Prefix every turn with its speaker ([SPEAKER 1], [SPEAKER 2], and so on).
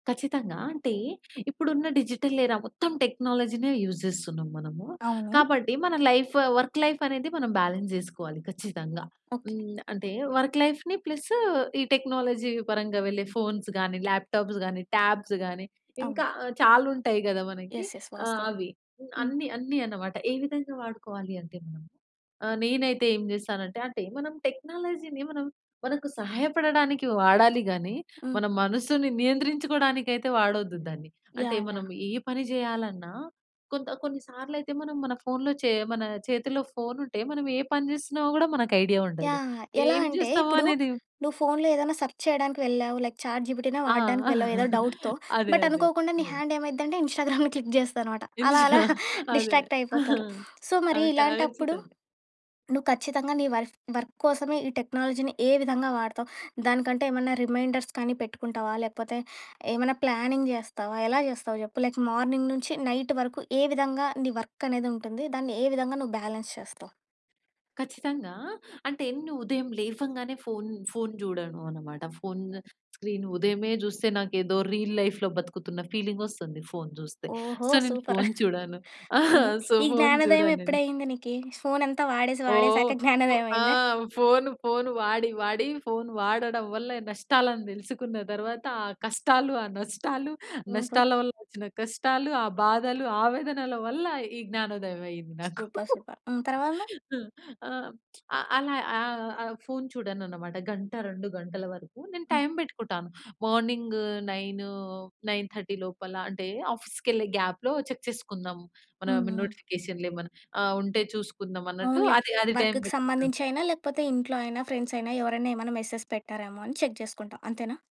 [SPEAKER 1] ఖచ్చితంగా. ఆ! అంటే ఇప్పుడు ఉన్న డిజిటల్ ఎరా మొత్తం టెక్నాలజీ‌నే యూజ్ చేస్తున్నాం మనము.
[SPEAKER 2] అవును.
[SPEAKER 1] కాబట్టి మన లైఫ్, వర్క్ లైఫ్ అనేది మనం బాలన్స్ చేసుకోవాలి ఖచ్చితంగా.
[SPEAKER 2] ఓకే.
[SPEAKER 1] హ్మ్, అంటే వర్క్ లైఫ్‌ని ప్లసు ఈ టెక్నాలజీ పరంగా వెళ్ళే ఫోన్స్ గానీ, ల్యాప్టాప్స్ గాని, టాబ్స్ గాని
[SPEAKER 2] అవును.
[SPEAKER 1] ఇంకా చాలుంటాయి కదా! మనకి
[SPEAKER 2] యెస్. యెస్.
[SPEAKER 1] ఆ!
[SPEAKER 2] వాస్తవం.
[SPEAKER 1] అవి
[SPEAKER 2] హ్మ్.
[SPEAKER 1] అన్ని, అన్ని అన్నమాట. ఏ విధంగా వాడుకోవాలి అంటే మనం ఆహ్, నేనైతే ఏం చేస్తానంటే, అంటే మనం టెక్నాలజీ‌ని మనం మనకు సహాయపడడానికి వాడాలి గాని,
[SPEAKER 2] హ్మ్.
[SPEAKER 1] మన మనసుని నియంత్రించుకోవడానికి అయితే వాడొద్దు దాన్ని. అంటే
[SPEAKER 2] యాహ్!
[SPEAKER 1] మనం
[SPEAKER 2] యాహ్!
[SPEAKER 1] ఏ పని చేయాలన్నా కొంత కొన్ని సార్లయితే మనం మన ఫోన్‌లో చే మన చేతిలో ఫోనుంటే మనం ఏ పని చేస్తున్నామో కూడా మనకు ఐడియా ఉండదు.
[SPEAKER 2] యాహ్! ఎలా
[SPEAKER 1] ఏం
[SPEAKER 2] అంటే
[SPEAKER 1] చేస్తామో
[SPEAKER 2] ఇప్పుడు
[SPEAKER 1] అనేది
[SPEAKER 2] నువ్వు ఫోన్‌లో ఏదైనా సెర్చ్ చేయడానికి వెళ్ళావు. లైక్ చాట్‌జీపీటీ‌నే
[SPEAKER 1] ఆ!
[SPEAKER 2] వాడడానికి వెళ్ళావు ఏదో డౌట్‌తో
[SPEAKER 1] అదే,
[SPEAKER 2] బట్
[SPEAKER 1] అదే.
[SPEAKER 2] అనుకోకుండా నీ
[SPEAKER 1] హ్మ్.
[SPEAKER 2] హాండ్ ఏమైదంటే ఇన్‌స్టాగ్రామ్‌ని క్లిక్ చేస్తాదన్నమాట.
[SPEAKER 1] [unintelligible]
[SPEAKER 2] అలా, అలా
[SPEAKER 1] అదే.
[SPEAKER 2] డిస్ట్రాక్ట్
[SPEAKER 1] ఆ!
[SPEAKER 2] అయిపోతారు. సో
[SPEAKER 1] ఆ!
[SPEAKER 2] ఇలాంటప్పుడు
[SPEAKER 1] ఖచ్చితంగా.
[SPEAKER 2] నువ్వు ఖచ్చితంగా నీ వర్ఫ్ వర్క్ కోసమే ఈ టెక్నాలజీని ఏ విధంగా వాడతావు? దానికంటే ఏమన్నా రిమైండర్స్ కానీ పెట్టుకుంటావా? లేకపోతే ఏమన్నా ప్లానింగ్ చేస్తావా? ఎలా చేస్తావు చెప్పు? లైక్ మార్నింగ్ నుంచి నైట్ వరకు ఏ విధంగా నీ వర్క్ అనేది ఉంటుంది? దాన్ని ఏ విధంగా నువ్వు బ్యాలెన్స్ చేస్తావు?
[SPEAKER 1] ఖచ్చితంగా. అంటేను ఉదయం లేవంగానే ఫోన్ ఫోన్ చూడను అన్నమాట. ఫోన్ స్క్రీను ఉదయమే చూస్తే నాకేదో రీల్ లైఫ్‌లో బతుకుతున్న ఫీలింగ్ వస్తుంది ఫోన్ చూస్తే.
[SPEAKER 2] ఓహో!
[SPEAKER 1] సో నేను
[SPEAKER 2] సూపర్.
[SPEAKER 1] ఫోన్ చూడను.
[SPEAKER 2] హుహు.
[SPEAKER 1] సో,
[SPEAKER 2] ఈ
[SPEAKER 1] ఫోన్
[SPEAKER 2] జ్ఞానోదయం
[SPEAKER 1] చూడను
[SPEAKER 2] ఎప్పుడు
[SPEAKER 1] నేను.
[SPEAKER 2] అయింది నీకి? ఫోనంతా వాడేసి, వాడేసాక
[SPEAKER 1] ఓహ్! ఫో ఆ!
[SPEAKER 2] జ్ఞానోదయమయిందా?
[SPEAKER 1] ఫోన్ ఫోన్ వాడి, వాడి ఫోన్ వాడడం వల్ల నష్టాలను తెలుసుకున్న తర్వాత ఆ కష్టాలు, ఆ నష్టాలు
[SPEAKER 2] ఓహో!
[SPEAKER 1] నష్టాల వల్ల వచ్చిన కష్టాలు ఆ బాధలు, ఆవేదనల వల్ల ఈ జ్ఞానోదయం అయింది నాకు.
[SPEAKER 2] Super, super. హ్మ్. తరువాత?
[SPEAKER 1] ఆ! ఆహ్, ఆహ్, అలా ఆహ్, ఆహ్, ఫోన్ చూడనన్నమాట. గంట, 2 గంటల వరకు. నేను
[SPEAKER 2] హ్మ్.
[SPEAKER 1] టైమ్ పెట్టుకుటాను. మార్నింగు 9, 9:30 లోపల అంటే ఆఫీస్‌కేళ్ళే గాప్‌లో చెక్ చేసుకుందాం
[SPEAKER 2] హ్మ్.
[SPEAKER 1] మనం
[SPEAKER 2] హ్మ్.
[SPEAKER 1] నోటిఫికేషన్‌లేమనా ఆహ్, ఉంటే చూసుకుందాం అన్నట్టు
[SPEAKER 2] అవునులే,
[SPEAKER 1] అది అది టైమ్
[SPEAKER 2] వర్క్‌కు
[SPEAKER 1] పెట్టుకున్నాను.
[SPEAKER 2] సంబంధించయినా, లేకపోతే ఇంట్లో అయినా ఫ్రెండ్సయిన ఎవరైనా, ఏమైనా మెసేజ్ పెట్టారేమో అని చెక్ చేసుకుంటావు అంతేనా?